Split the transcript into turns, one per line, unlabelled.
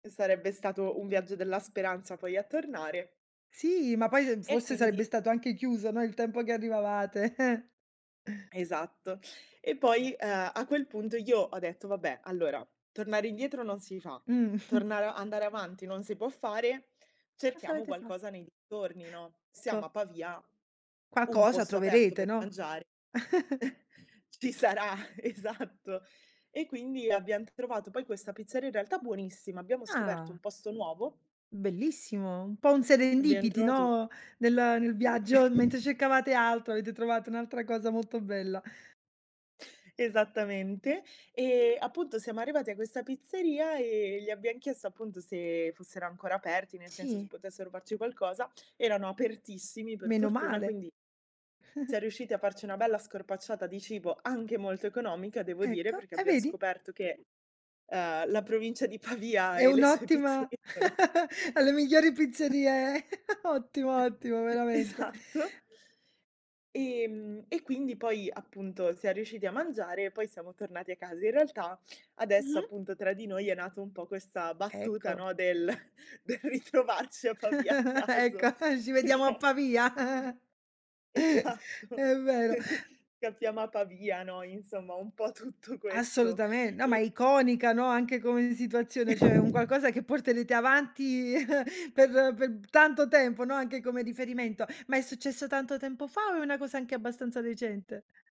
Sarebbe stato un viaggio della speranza poi a tornare.
Sì, ma poi, ehm,
E,
forse
quindi
sarebbe stato anche chiuso, no, il tempo che arrivavate.
Esatto. E poi, ehm, a quel punto io ho detto: "Vabbè, allora tornare indietro non si fa,
Mh.
tornar andare avanti non si può fare,
Cosa
cerchiamo
avete fa
qualcosa nei dintorni, no,
Co
siamo a Pavia, un
Qualcosa
posto aperto per
troverete, no.
mangiare ci sarà" Esatto. E, quindi abbiam trovato poi questa pizzeria in realtà buonissima, abbiamo scoperto un
Ah.
posto nuovo.
Bellissimo, un po' un
Abbiam
serendipity,
trovato
no, nel nel viaggio, mentre cercavate altro, avete trovato un'altra cosa molto bella.
Esattamente, ehm, appunto siamo arrivati a questa pizzeria, ehm, gli abbiam chiesto appunto se fossero ancora aperti, nel senso se
Sì.
potessero farci qualcosa. Erano apertissimi per fortuna
Menomale.
quindi siam riusciti a farci una bella scorpacciata di cibo, anche molto economica devo dire,
Ecco
perché
e
abbiam
vedi.
scoperto che, ehm, la provincia di Pavia
È
e le sue
un'ottima
pizzerie sono
alle migliori pizzerie ottimo, ottimo
E e
veramente.
esatto. Ehm, e quindi poi appunto siam riusciti a mangiare e poi siamo tornati a casa. In realtà adesso
Mh-mh.
appunto tra di noi è nato un po' questa battuta,
Ecco.
no, del del ritrovarci a Pavia a
Ecco,
caso
ci vediamo a
perché
Pavia.
Esatto,
È vero.
scappiamo a Pavia, no, insomma, un po' tutto questo.
Assolutamen no, ma è
E
iconica, no, anche come situazione, cioè, è un qualcosa che porterete avanti per per tanto tempo, no, anche come riferimento. Ma è successo tanto tempo fa o è una cosa anche abbastanza recente?